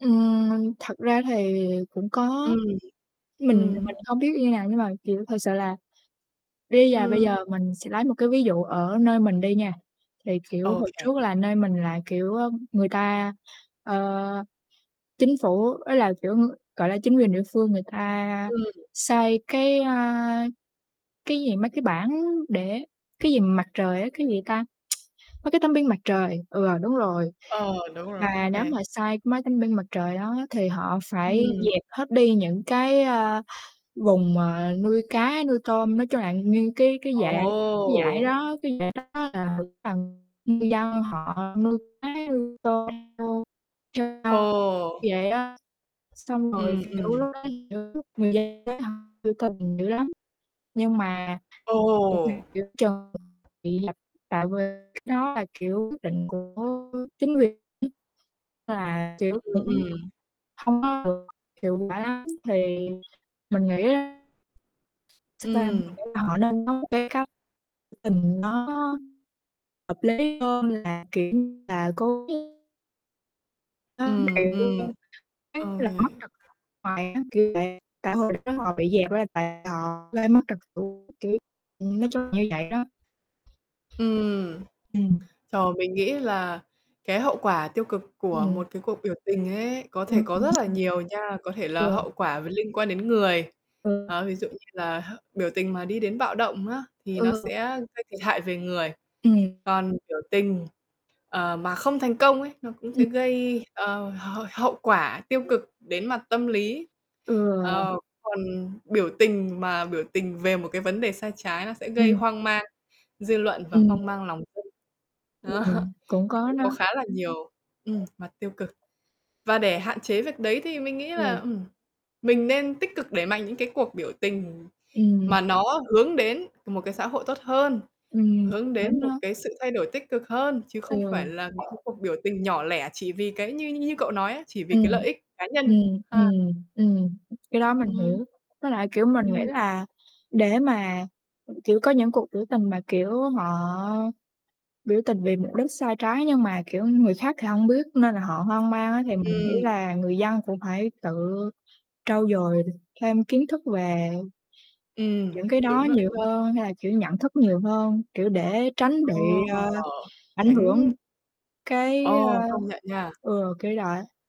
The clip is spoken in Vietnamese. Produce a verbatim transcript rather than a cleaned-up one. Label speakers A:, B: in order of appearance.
A: Ừm, thật ra thì cũng có,
B: Ừm,
A: mình thì
B: ừm.
A: mình không biết như nào, nhưng mà, kiểu, thật sự là đi và bây
B: Ừm.
A: giờ mình sẽ lấy một cái ví dụ ở nơi mình đi nha. Thì, kiểu, hồi
B: OK.
A: trước là nơi mình là, kiểu, ơ, người ta, ơ, chính phủ ý là, kiểu, ưm, gọi là, chính quyền địa phương người ta
B: Ừm.
A: xây cái, a, cái gì, mấy cái bảng để cái gì mà mặt trời á, cái
B: Ừm.
A: gì ta? Mấy cái tấm pin mặt trời, ừ, đúng rồi.
B: Ờ, đúng rồi,
A: Mà
B: OK.
A: nếu mà xây mấy tấm pin mặt trời đó á, thì họ phải
B: Ừm.
A: dẹp hết đi những cái, a, vùng mà nuôi cá, nuôi tôm, nói chung là nguyên cái cái dải cái dải
B: Ồ!
A: đó cái dải đó là cái phần ngư dân họ nuôi cá, nuôi tôm vô trên sông
B: Ồ!
A: vậy á. Xong rồi,
B: Ừm,
A: kiểu,
B: ừm.
A: lúc đó, kiểu, người dân ấy, họ biểu tình dữ lắm, nhưng mà biểu tình
B: Ồ!
A: giữa chừng bị dập, tại vì cái đó là, kiểu, quyết định của chính quyền ấy, là, kiểu,
B: Ừm,
A: cũng hổng
B: ừm.
A: hông có được hiệu quả lắm, thì mình nghĩ nó thật ra
B: Ừm.
A: họ nên có một cái cách [unintelligible] tình nó hợp lý hơn là, kiểu như là, cố [unintelligible] Đó,
B: Ừm,
A: vậy cho
B: ừm,
A: nên, giống như
B: OK.
A: là, mất trực [unintelligible] hoài á, kiểu, tại tại hồi đó họ bị dẹp nên là tại họ gây mất trật, kiểu, ừm, nói chung là như vậy đó.
B: Ừm.
A: Ừm.
B: Trời, mình nghĩ là cái hậu quả tiêu cực của
A: Ừm.
B: một cái cuộc biểu tình ấy, có thể
A: Ừm,
B: có rất là nhiều nha, có
A: [unintelligible]
B: thể là
A: ừ.
B: hậu quả về liên quan đến người.
A: Ừ.
B: Ờ, ví dụ như là h biểu tình mà đi đến bạo động á, thì nó
A: Ừ.
B: sẽ gây thiệt hại về người,
A: Ừm.
B: còn biểu tình, ờ, mà không thành công ấy, nó cũng
A: Ừm.
B: sẽ gây, ờ, h hậu quả tiêu cực đến mặt tâm lý,
A: Ừ.
B: ờ, còn biểu tình mà biểu tình về một cái vấn đề sai trái nó sẽ gây
A: Ừm.
B: hoang mang dư luận và
A: Ừm.
B: hoang mang lòng dân. Đó,
A: Ừm, cũng
B: thì
A: có
B: cũng có
A: nó.
B: khá là nhiều ừm, mặt tiêu cực, và để hạn chế việc đấy thì mình nghĩ là
A: Ừ.
B: ừm, mình nên tích cực đẩy mạnh những cái cuộc biểu tình
A: Ừm.
B: mà nó hướng đến một cái xã hội tốt hơn,
A: Ừm,
B: hướng
A: đúng
B: đến một
A: đó.
B: cái sự thay đổi tích cực hơn, chứ không
A: Ừ.
B: phải là mấy cái cuộc biểu tình nhỏ lẻ chỉ vì cái như như cậu nói á, chỉ vì
A: Ừm,
B: cái lợi ích cá nhân,
A: ừm,
B: ha.
A: ừm, ừm, cái đó mình
B: Ừm.
A: hiểu, với lại, kiểu, mình nghĩ
B: Ừm.
A: là để mà, kiểu, có những cuộc biểu tình mà, kiểu, họ biểu tình vì mục đích sai trái nhưng mà, kiểu, người khác thì hông biết, nên là họ hoang mang á. Thì mình nghĩ
B: Ừm.
A: là người dân cũng phải tự trau dồi thêm kiến thức về
B: Ừm,
A: những cái đó
B: đúng đó,
A: nhiều
B: đúng đó.
A: hơn, hay là, kiểu, nhận thức nhiều hơn, kiểu, để tránh bị,
B: Ồ!
A: ơ, ảnh hưởng
B: Tránh
A: cái,
B: Ồ, công nhận nha.
A: ơ ừ, kiểu đọi á.